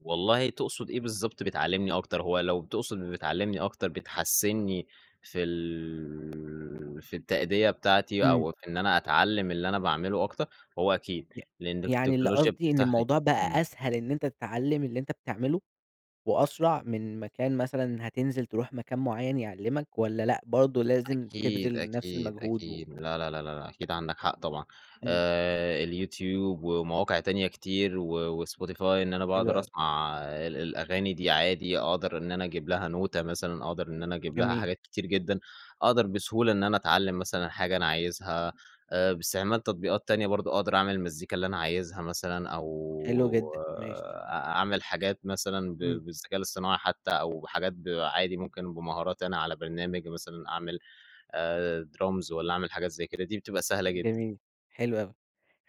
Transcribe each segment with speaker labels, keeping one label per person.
Speaker 1: والله تقصد إيه بالضبط بتعلّمني أكتر؟ هو لو تقصد بتعلّمني أكتر بتحَسّنّي في ال في التأدية بتاعتي،
Speaker 2: إمم.
Speaker 1: أو في إن أنا أتعلّم اللي أنا باعمله أكتر، هو أكيد.
Speaker 2: ي
Speaker 1: لإن
Speaker 2: يعني اللي
Speaker 1: التكنولوجيا
Speaker 2: قصدي إن
Speaker 1: بتفتح لي
Speaker 2: الموضوع
Speaker 1: إمم.
Speaker 2: بقى أسهل إن أنت تتعلّم اللي أنت بتعمله، وأسرع من ما كان مثلًا هتنزل تروح مكان معيّن يعلّمك والّا لأ برضه لازم
Speaker 1: أكيد،
Speaker 2: تبذل نفس
Speaker 1: أكيد،
Speaker 2: المجهود و
Speaker 1: أكيد. لا، لا، لا، لا، لا أكيد عندك حق طبعًا.
Speaker 2: إمم.
Speaker 1: آآ اليوتيوب ومواقع تانية كتير و وSpotify إن أنا
Speaker 2: حلو
Speaker 1: باقدر
Speaker 2: أوي.
Speaker 1: أسمع ال الأغاني دي عادي، أقدر إن أنا أجيب لها نوتة مثلًا أو أقدر إن أنا أجيب لها
Speaker 2: جميل.
Speaker 1: حاجات كتير جدًا. أقدر بسهولة إن أنا أتعلّم مثلًا حاجة أنا عايزها أ باستعمال تطبيقات تانية برضه، أقدر أعمل المزيكا اللي أنا عايزها مثلًا أو
Speaker 2: حلو جدًا، ماشي.
Speaker 1: أ أعمل حاجات مثلًا ب
Speaker 2: إمم.
Speaker 1: بالذكاء الاصطناعي حتّى أو بحاجات ب عادي ممكن بمهاراتي أنا على برنامج مثلًا أعمل آآ درامز والّا أعمل حاجات زي كده دي بتبقى سهلة جدًا.
Speaker 2: جميل، حلو أوي.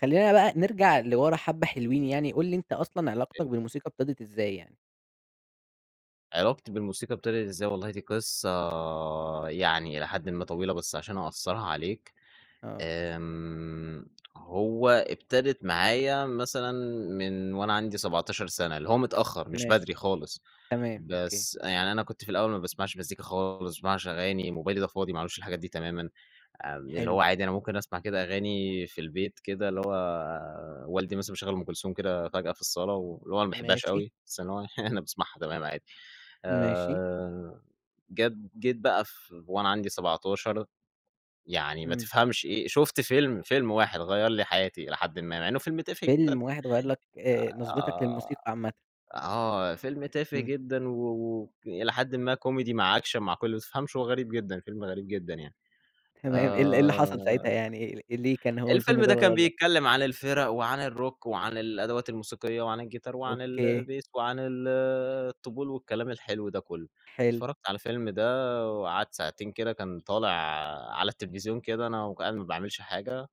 Speaker 2: خلّينا بقى نرجع لِوَرا حبّة حلوين يعني، قُل لي أنت أصلًا علاقتك
Speaker 1: [unintelligible]
Speaker 2: بالموسيقى ابتدِت إزاي يعني؟
Speaker 1: علاقتي بالموسيقى ابتدِت إزاي؟ والله دي قصة يعني إلى حدٍ ما طويلة بس عشان أقصّرها عليك،
Speaker 2: آه.
Speaker 1: آمم هو ابتدِت معايا مثلًا من وأنا عندي 17 سَنة، اللي هو متأخر مش
Speaker 2: ماشي.
Speaker 1: بدري خالص.
Speaker 2: تمام أوكي.
Speaker 1: بس يعني أنا كنت في الأول ما باسمعش مزيكا خالص، ما باسمعش أغاني، موبايلي ده فاضي ما عليهوش الحاجات دي تمامًا. آمم اللي
Speaker 2: حلو.
Speaker 1: هو عادي أنا ممكن أسمع كده أغاني في البيت كده اللي هو والدي مثلًا مشغّل أم كلثوم كده فجأة في الصالة و اللي هو أنا ما باحبهاش
Speaker 2: ماشي.
Speaker 1: أوي، بس إن هو يعني
Speaker 2: إمم.
Speaker 1: أنا باسمعها تمام عادي.
Speaker 2: ماشي.
Speaker 1: آآ جد جيت بقى ف وأنا عندي 17، يعني ما
Speaker 2: إمم.
Speaker 1: تفهمش إيه شُفت فيلم، فيلم واحد غيّر لي حياتي إلى حدِ ما، مع إنه فيلم تافه جدًا.
Speaker 2: فيلم واحد غيّر لك آآ نظرتك للموسيقى
Speaker 1: أ
Speaker 2: عامةً.
Speaker 1: آه. فيلم تافه
Speaker 2: إمم.
Speaker 1: جدًا و وإلى حدٍ ما كوميدي مع أكشن مع كُلّه ما تفهمش هو غريب جدًا، فيلم غريب جدًا يعني.
Speaker 2: تمام. إيه ال إيه اللي حصل ساعتها
Speaker 1: آآ
Speaker 2: يعني أ ليه كان هو الفيلم
Speaker 1: الفيلم
Speaker 2: ده
Speaker 1: ده
Speaker 2: اللي
Speaker 1: كان
Speaker 2: غيّر لك؟
Speaker 1: بيتكلّم عن الفِرَق وعن الروك وعن الأدوات الموسيقية وعن الجيتار وعن ال
Speaker 2: أوكي.
Speaker 1: البيس وعن ال الطبول والكلام الحلو ده كُلّه.
Speaker 2: حلو.
Speaker 1: اتفرّجت على الفيلم ده وقعدت ساعتين كده كان طالع على التليفزيون كده، أنا و كنت قاعد ما باعملش حاجة،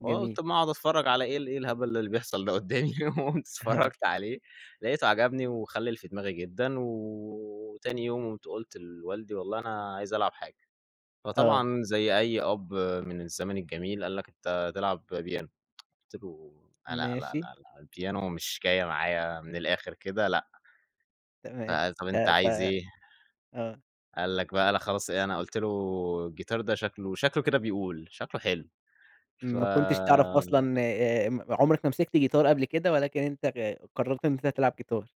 Speaker 1: فقُلت
Speaker 2: جميل.
Speaker 1: أمّا أقعد أتفرّج على إيه، ال إيه الهبل اللي بيحصل ده قُدّامي؟ وقُمت
Speaker 2: آه.
Speaker 1: اتفرّجت عليه لاقيته عجبني، وخلِّل في دماغي جدًا و وتاني يوم قُمت قُلت لوالدي: "والله أنا عايز ألعب حاجة."
Speaker 2: آه.
Speaker 1: فطبعًا زي أي أب من الزمن الجميل قال لك: "أنت تلعب بيانو." قُلت له: "لا، لا،
Speaker 2: ماشي.
Speaker 1: لا البيانو مش جاية معايا من الآخر كده لأ."
Speaker 2: تمام.
Speaker 1: فقال: "طب
Speaker 2: ف
Speaker 1: أنت
Speaker 2: ف
Speaker 1: عايز إيه؟"
Speaker 2: آه.
Speaker 1: قال لك بقى لأ خلاص أنا قُلت له الجيتار ده شكله شكله كده بيقول، شكله حلو. ف
Speaker 2: ما كنتش تعرف أصلًا آآ م عُمرك ما مسكت جيتار قبل كده ولكن أنت غ قرّرت إن أنت تلعب جيتار.